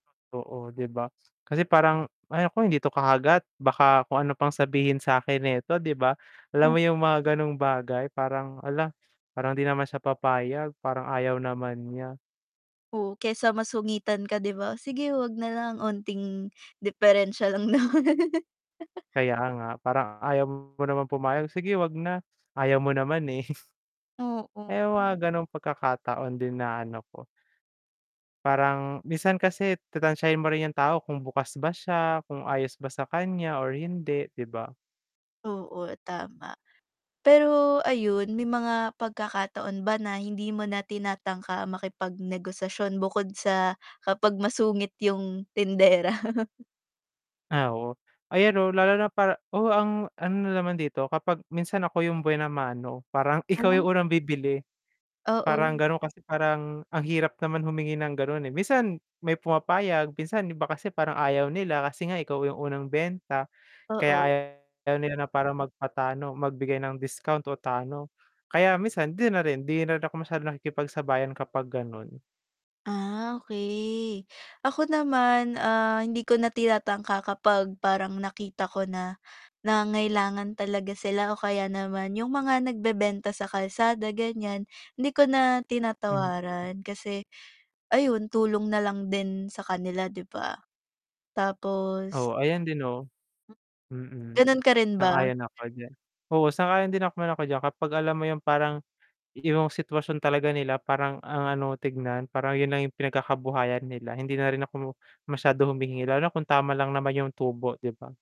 Oo 'di ba? Kasi parang, "Ay nako hindi 'to kakagat, baka kung ano pang sabihin sa'kin neto," 'di ba? Alam O. mo yung mga ganong bagay, parang, "Hala parang 'di naman siya papayag parang ayaw naman niya." Oo, kaysa masungitan ka 'di ba? "O sige 'wag nalang, onting diperensya lang naman." Kaya nga "Parang ayaw mo naman pumayag, sige wag na ayaw mo naman, eh." Oo. Eh, yung mga ganong pagkakataon din na ano ko parang minsan kasi tatantyahin mo rin yung tao kung bukas ba siya, kung ayos ba sa kanya or hindi, 'di ba? Oo tama. Pero ayun may mga pagkakataon ba na hindi mo na tinatangka makipagnegosasyon bukod sa kapag masungit yung tindera? Ah, oo. Ayan 'no, lalo na para oo ang ano na naman dito kapag minsan ako yung buena mano parang ikaw yung Ano? unang bibili, parang Oo. ganun kasi parang ang hirap naman humingi ng ganun, eh. Minsan may pumapayag, minsan yung iba kasi parang ayaw nila kasi nga ikaw yung unang benta kaya Oo. ayaw nila na parang magpatalo magbigay ng discount o talo kaya minsan hindi na rin, hindi na rin ako masyadong nakikipagsabayan kapag ganon. Ah, okey. Ako naman, ah, hindi ko na tinatangka kapag parang nakita ko na, nangangailangan talaga sila o kaya naman yung mga nagbebenta sa kalsada ganiyan, hindi ko na Mm. tinatawaran, kasi ayun tulong na lang din sa kanila, 'di ba? Tapos Oo, ayan din no. Mm. Ganon ka rin ba? Sang-ayon ako diyan, oo, sang-ayon din naman ako diyan kapag alam mo yung parang iyong sitwasyon talaga nila parang ang ano tignan, parang yun lang yung pinagkakabuhayan nila, hindi na rin ako masyado humingi lalo kung tama lang naman yung tubo 'di ba?